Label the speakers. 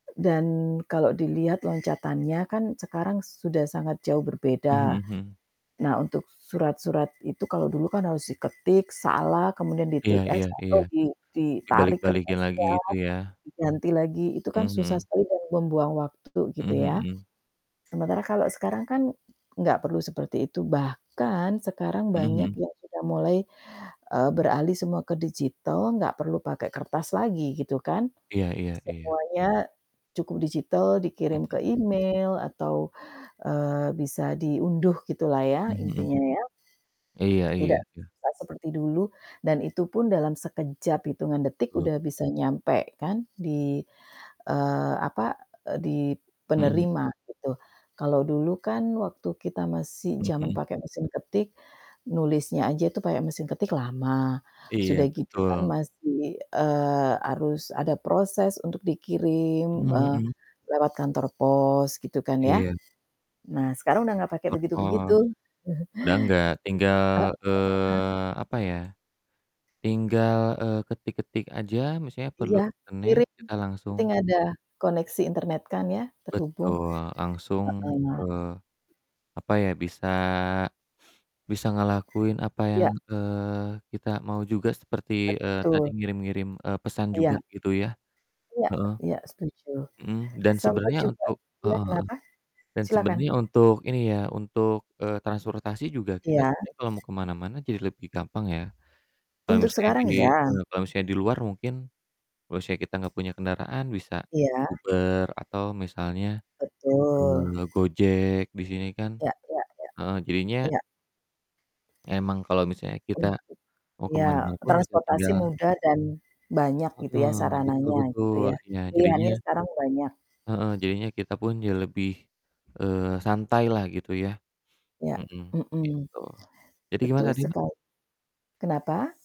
Speaker 1: Dan kalau dilihat loncatannya kan sekarang sudah sangat jauh
Speaker 2: Mmm,
Speaker 1: berbeda.
Speaker 2: mhm mhm.
Speaker 1: Nah, untuk surat-surat itu, kalau dulu kan harus diketik, salah, kemudian
Speaker 2: Iya
Speaker 1: di-Tipp-X,
Speaker 2: iya iya,
Speaker 1: atau di ditarik
Speaker 2: dibalik-balikin lagi
Speaker 1: kertasnya,
Speaker 2: gitu ya.
Speaker 1: diganti lagi, itu kan
Speaker 2: Mhm
Speaker 1: susah
Speaker 2: mhm.
Speaker 1: sekali dan membuang waktu gitu
Speaker 2: Mhm
Speaker 1: ya,
Speaker 2: mhm.
Speaker 1: sementara kalau sekarang kan nggak perlu seperti itu, bahkan sekarang
Speaker 2: Mhm
Speaker 1: banyak
Speaker 2: mhm.
Speaker 1: yang sudah mulai, eee, beralih semua ke digital, nggak perlu pakai kertas lagi, gitu kan.
Speaker 2: Iya iya iya.
Speaker 1: Semuanya cukup digital,
Speaker 2: Mhm,
Speaker 1: dikirim ke
Speaker 2: mmm.
Speaker 1: email atau, eee, bisa diunduh gitulah ya
Speaker 2: Mmm, mhm.
Speaker 1: intinya ya.
Speaker 2: Iya iya
Speaker 1: Tidak
Speaker 2: iya.
Speaker 1: susah seperti dulu dan itupun dalam sekejap, hitungan detik
Speaker 2: Betul.
Speaker 1: udah bisa nyampai kan di eee, apa, eee, di
Speaker 2: Mhm.
Speaker 1: penerima gitu. Kalau dulu kan waktu kita masih
Speaker 2: Mmm,
Speaker 1: zaman
Speaker 2: mhm.
Speaker 1: pakai mesin ketik, nulisnya aja itu pakai mesin ketik lama, sudah
Speaker 2: Iya,
Speaker 1: gitu kan
Speaker 2: betul.
Speaker 1: masih, eee, harus ada proses untuk dikirim,
Speaker 2: Mhm
Speaker 1: eee,
Speaker 2: mhm.
Speaker 1: lewat kantor pos gitu kan ya.
Speaker 2: Iya.
Speaker 1: Nah, sekarang udah ga pake
Speaker 2: Kantor
Speaker 1: begitu-begitu.
Speaker 2: pos, udah nggak, tinggal,
Speaker 1: Heeh.
Speaker 2: eee, apa ya, tinggal, eee, ketik-ketik aja, misalnya perlu
Speaker 1: Iya,
Speaker 2: internet,
Speaker 1: kirim,
Speaker 2: kita langsung
Speaker 1: penting ada koneksi internet kan ya, terhubung,
Speaker 2: Betul, langsung, eee,
Speaker 1: heeh.
Speaker 2: apa ya, bisa bisa ngelakuin apa yang,
Speaker 1: Iya.
Speaker 2: eee, kita mau juga seperti, eee, tadi
Speaker 1: Betul.
Speaker 2: ngirim-ngirim, eee, pesan juga
Speaker 1: Iya.
Speaker 2: gitu ya,
Speaker 1: Iya
Speaker 2: heeh.
Speaker 1: iya, setuju,
Speaker 2: Mhm, dan
Speaker 1: sempat
Speaker 2: sebenernya
Speaker 1: juga
Speaker 2: untuk
Speaker 1: iya,
Speaker 2: heeh heeh,
Speaker 1: kenapa?
Speaker 2: dan
Speaker 1: Silahkan.
Speaker 2: sebenernya untuk ini ya, untuk, eee, transportasi juga kita
Speaker 1: Iya.
Speaker 2: sebenernya kalo mau ke mana-mana jadi lebih gampang ya, kalo
Speaker 1: Untuk
Speaker 2: misalnya di
Speaker 1: sekarang, ya.
Speaker 2: eee, ya di luar mungkin, kalo misalnya kita gak punya kendaraan bisa
Speaker 1: Iya.
Speaker 2: Uber atau misalnya,
Speaker 1: Betul
Speaker 2: eee, Gojek, di sini kan
Speaker 1: Ya ya ya.
Speaker 2: heeh, jadinya
Speaker 1: Iya.
Speaker 2: emang kalo misalnya kita
Speaker 1: Untuk
Speaker 2: mau ke
Speaker 1: iya,
Speaker 2: mana-mana pun bisa
Speaker 1: transportasi
Speaker 2: tinggal
Speaker 1: mudah dan banyak gitu ya,
Speaker 2: Heeh, betul
Speaker 1: sarananya gitu
Speaker 2: betul,
Speaker 1: ya,
Speaker 2: iya, jadinya
Speaker 1: pilihannya sekarang banyak.
Speaker 2: Heeh, jadinya kita pun jadi lebih, eee, santai lah, gitu ya.
Speaker 1: Iya,
Speaker 2: Mhm,
Speaker 1: mhm,
Speaker 2: gitu. Jadi gimana
Speaker 1: betul
Speaker 2: tadi, Mbak?
Speaker 1: sekali. Kenapa?